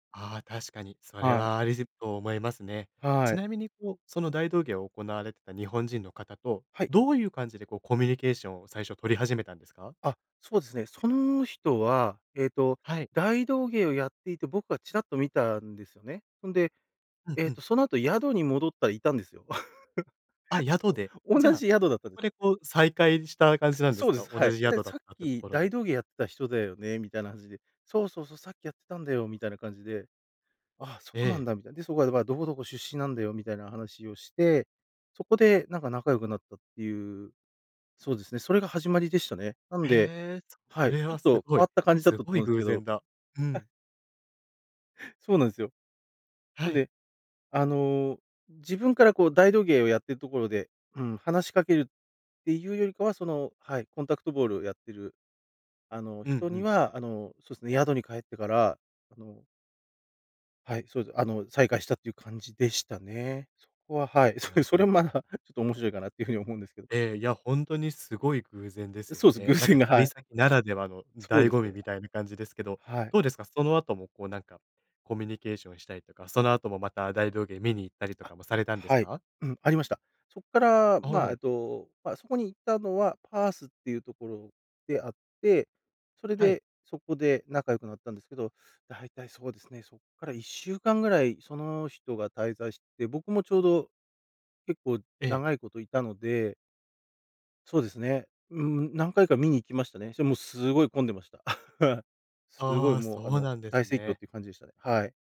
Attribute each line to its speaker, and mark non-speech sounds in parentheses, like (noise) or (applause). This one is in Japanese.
Speaker 1: ああ、確かに。それ
Speaker 2: はい。
Speaker 1: はありじと思いますね。
Speaker 2: は
Speaker 1: ち
Speaker 2: い。
Speaker 1: なみにこう、その大道芸を行われてた日本人の方と、
Speaker 2: はい。
Speaker 1: どういう感じでこう、コミュニケーションを最初取り始めたんですか？
Speaker 2: あ、そうですね。その人は、ええと、
Speaker 1: はい。
Speaker 2: 大道芸をやっていて僕がちらっと見たんですよね。そんで、
Speaker 1: うん
Speaker 2: えっ
Speaker 1: うん。
Speaker 2: と、その後宿に戻ったら居たんですよ。
Speaker 1: あ、
Speaker 2: (chuckles)
Speaker 1: 宿で。
Speaker 2: お
Speaker 1: じ
Speaker 2: 同
Speaker 1: ゃあ、
Speaker 2: じ宿だった
Speaker 1: そ
Speaker 2: んです。
Speaker 1: こでこう、再会した感
Speaker 2: く
Speaker 1: じ
Speaker 2: す
Speaker 1: なんで
Speaker 2: そ
Speaker 1: す
Speaker 2: うで
Speaker 1: か？
Speaker 2: す、はい。
Speaker 1: 同じ
Speaker 2: うれ
Speaker 1: 宿だっ
Speaker 2: 「さっ
Speaker 1: たってと
Speaker 2: き
Speaker 1: ころ
Speaker 2: 大
Speaker 1: で。
Speaker 2: 道芸やってた人だよね」みたいなはじで「そうそうそう、さっきやってたんだよ」みたいな感じで「ああ、そ
Speaker 1: え
Speaker 2: うなん
Speaker 1: え。
Speaker 2: だ」みたいな。で、そこはどば「どこどこ出身なんだよ」みたいな話をして、そこでなんか仲良くなったっていう、そうですね、それが始まりでしたね。なんで
Speaker 1: へえ、
Speaker 2: は
Speaker 1: そ
Speaker 2: い、
Speaker 1: れ
Speaker 2: ちょ
Speaker 1: は
Speaker 2: っ
Speaker 1: す
Speaker 2: と
Speaker 1: ご
Speaker 2: 変
Speaker 1: い。
Speaker 2: わった感じだっ
Speaker 1: す
Speaker 2: たと
Speaker 1: ごい
Speaker 2: 思うんす
Speaker 1: 偶
Speaker 2: けど。
Speaker 1: 然だ。う
Speaker 2: (chuckles)
Speaker 1: ん。
Speaker 2: そうなんすよ。な
Speaker 1: は
Speaker 2: ん
Speaker 1: い。
Speaker 2: で、あの、自分からこう大道芸をやってるところで、うん、話しかけるっていうよりかは、その、はい、コンタクトボールやってる、あの、
Speaker 1: うんう
Speaker 2: 人に
Speaker 1: ん。
Speaker 2: は、あの、そうすね、宿に帰ってから、あのはい、そうです。あの、再会したという感じでしたね。そこは、はい。そう、
Speaker 1: な
Speaker 2: それ
Speaker 1: る
Speaker 2: もま
Speaker 1: ほ
Speaker 2: あ、
Speaker 1: ど。
Speaker 2: ちょっと面白いかなっていう風に思うんですけど。
Speaker 1: ええ、いや、ほんとにすごい偶然です
Speaker 2: う、
Speaker 1: よ
Speaker 2: そうす、偶
Speaker 1: ね。なん
Speaker 2: 然
Speaker 1: か
Speaker 2: がは
Speaker 1: 旅
Speaker 2: い。
Speaker 1: 先ならではの
Speaker 2: そう
Speaker 1: 醍
Speaker 2: です
Speaker 1: 醐味
Speaker 2: ね。
Speaker 1: みたいな感じですけど。
Speaker 2: はい。
Speaker 1: どうですか、その後も、こうなんか、コミュニケーションしたりとか、その後もまた大道芸見に行ったりと
Speaker 2: あ、
Speaker 1: かもされたんです
Speaker 2: はい。
Speaker 1: か？
Speaker 2: うん、ありました。そっから、
Speaker 1: お
Speaker 2: ま、
Speaker 1: お。
Speaker 2: えと、ま、そこに行ったのはパースっていうところで会って、それ
Speaker 1: はい。
Speaker 2: で、そこで仲良くなったんですけど。大体そうですね、そっから1週間ぐらいその人が滞在して、僕もちょうど、結構
Speaker 1: ええ。
Speaker 2: 長いこと居たのでそうですね。うん、何回か見に行きましたね。してもすごい混んでました。(laughs) すごい
Speaker 1: ああ、
Speaker 2: もう、あ
Speaker 1: そう
Speaker 2: の、
Speaker 1: なんです
Speaker 2: 大盛況っ
Speaker 1: ね。
Speaker 2: ていう感じでしたね、はい。